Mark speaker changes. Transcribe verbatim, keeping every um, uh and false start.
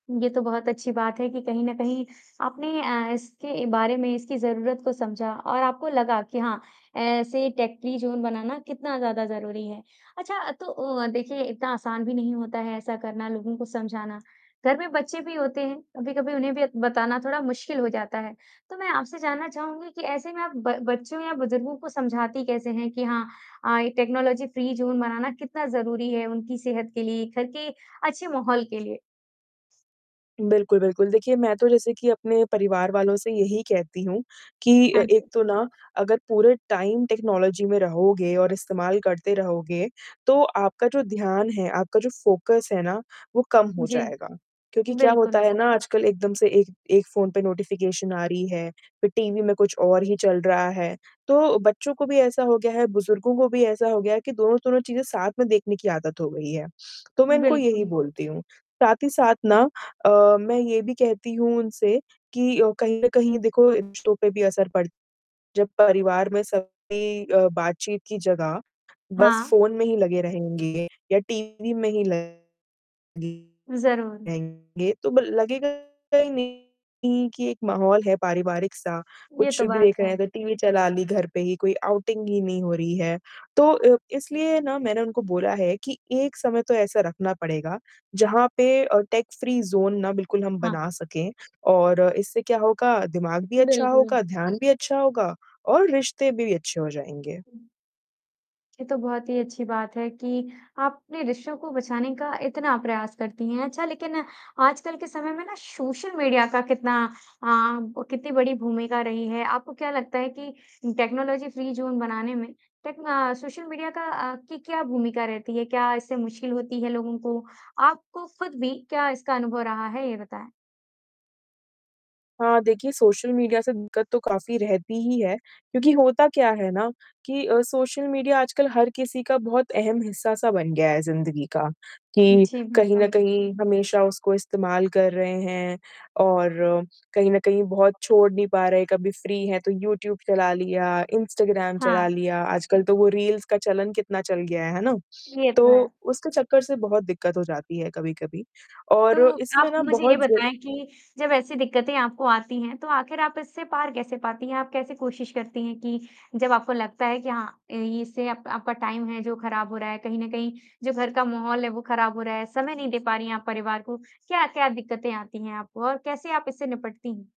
Speaker 1: ये तो बहुत अच्छी बात है कि कहीं न कहीं आपने अ, इसके बारे में इसकी ज़रूरत को समझा और आपको लगा कि हाँ, ऐसे टेक फ्री ज़ोन बनाना कितना ज़्यादा ज़रूरी है। अच्छा तो अ, देखिए इतना आसान भी नहीं होता है ऐसा करना, लोगों को समझाना, घर में बच्चे भी होते हैं, कभी-कभी उन्हें भी अ, बताना थोड़ा मुश्किल हो जाता है, तो मैं आपसे जानना चाहूँगी कि ऐसे में आप ब बच्चों या बुज़ुर्गों को समझाती कैसे हैं कि हाँ अ, ये टेक्नोलॉजी फ्री ज़ोन बनाना कितना ज़रूरी है उनकी सेहत के लिए? घर के अच्छे माहौल के लिए?
Speaker 2: बिल्कुल, बिल्कुल, देखिए मैं तो जैसे कि अपने परिवार वालों से यही कहती हूँ कि अ,
Speaker 1: हाँ
Speaker 2: एक
Speaker 1: जी।
Speaker 2: तो ना अगर पूरे टाइम, टेक्नोलॉजी में रहोगे और इस्तेमाल करते रहोगे, तो आपका जो ध्यान है, आपका जो फोकस है ना, वो कम हो
Speaker 1: जी,
Speaker 2: जाएगा। क्योंकि क्या होता
Speaker 1: बिल्कुल।
Speaker 2: है ना आजकल एकदम से एक एक फ़ोन पे नोटिफिकेशन आ रही है, फिर टीवी में कुछ और ही चल रहा है, तो बच्चों को भी ऐसा हो गया है, बुज़ुर्गों को भी ऐसा हो गया है कि दोनों-तोनों चीज़ें साथ में देखने की आदत हो गई है, तो मैं इनको यही
Speaker 1: बिल्कुल।
Speaker 2: बोलती हूँ। साथ ही साथ ना अ, मैं ये भी कहती हूँ उनसे, कि अ, कहीं न कहीं देखो रिश्तों पे भी असर पड़ जब परिवार में सभी अ, बातचीत की जगह, बस
Speaker 1: हाँ।
Speaker 2: फ़ोन में ही लगे रहेंगे या टीवी में ही लगे
Speaker 1: ज़रूर।
Speaker 2: रहेंगे, तो ब लगेगा ही नहीं कि एक माहौल है पारिवारिक सा,
Speaker 1: ये
Speaker 2: कुछ
Speaker 1: तो
Speaker 2: भी
Speaker 1: बात
Speaker 2: देख रहे
Speaker 1: है।
Speaker 2: हैं, इधर टीवी चला ली घर पे ही, कोई आउटिंग ही नहीं हो रही है। तो अ, इसलिए ना मैंने उनको बोला है कि एक समय तो ऐसा रखना पड़ेगा, जहाँ पे अ, टेक फ्री ज़ोन ना बिल्कुल हम
Speaker 1: हाँ।
Speaker 2: बना सके और इससे क्या होगा, दिमाग भी अच्छा
Speaker 1: बिल्कुल।
Speaker 2: होगा, ध्यान भी अच्छा होगा और रिश्ते भी अच्छे हो जाएँगे।
Speaker 1: हुँ। ये तो बहुत ही अच्छी बात है कि आपने रिश्तों को बचाने का इतना प्रयास करती हैं, अच्छा लेकिन आजकल के समय में ना सोशल मीडिया का कितना अ, ब कितनी बड़ी भूमिका रही है। आपको क्या लगता है कि टेक्नोलॉजी फ्री ज़ोन बनाने में टेक्न अ, सोशल मीडिया का अ, की क्या भूमिका रहती है? क्या इससे मुश्किल होती है लोगों को? आपको खुद भी क्या इसका अनुभव रहा है? ये बताएँ।
Speaker 2: हाँ, देखिए सोशल मीडिया से दिक्कत तो काफ़ी रहती ही है, क्योंकि होता क्या है ना कि अ, सोशल मीडिया आजकल हर किसी का बहुत अहम हिस्सा सा बन गया है ज़िंदगी का, कि
Speaker 1: जी,
Speaker 2: कहीं न
Speaker 1: बिल्कुल।
Speaker 2: कहीं हमेशा उसको इस्तेमाल कर रहे हैं और कहीं न कहीं बहुत छोड़ नहीं पा रहे हैं। कभी फ्री हैं तो यूट्यूब चला लिया, इंस्टाग्राम चला
Speaker 1: हाँ।
Speaker 2: लिया, आजकल तो वो रील्स का चलन कितना चल गया है, है ना?
Speaker 1: ये तो
Speaker 2: तो
Speaker 1: है।
Speaker 2: उसके चक्कर से बहुत दिक्कत हो जाती है कभी-कभी।
Speaker 1: तो,
Speaker 2: और इसमें
Speaker 1: आप
Speaker 2: ना
Speaker 1: मुझे ये
Speaker 2: बहुत ज
Speaker 1: बताएँ कि जब ऐसी दिक्कतें आपको आती हैं, तो आखिर आप इससे पार कैसे पाती हैं? आप कैसे कोशिश करती हैं कि जब आपको लगता है कि हाँ, इ इससे आप आपका टाइम है, जो खराब हो रहा है, कहीं न कहीं जो घर का माहौल है, वो खराब हो रहा है, समय नहीं दे पा रही हैं आप परिवार को। क्या-क्या दिक्कतें आती हैं आपको और कैसे आप इससे निपटती हैं?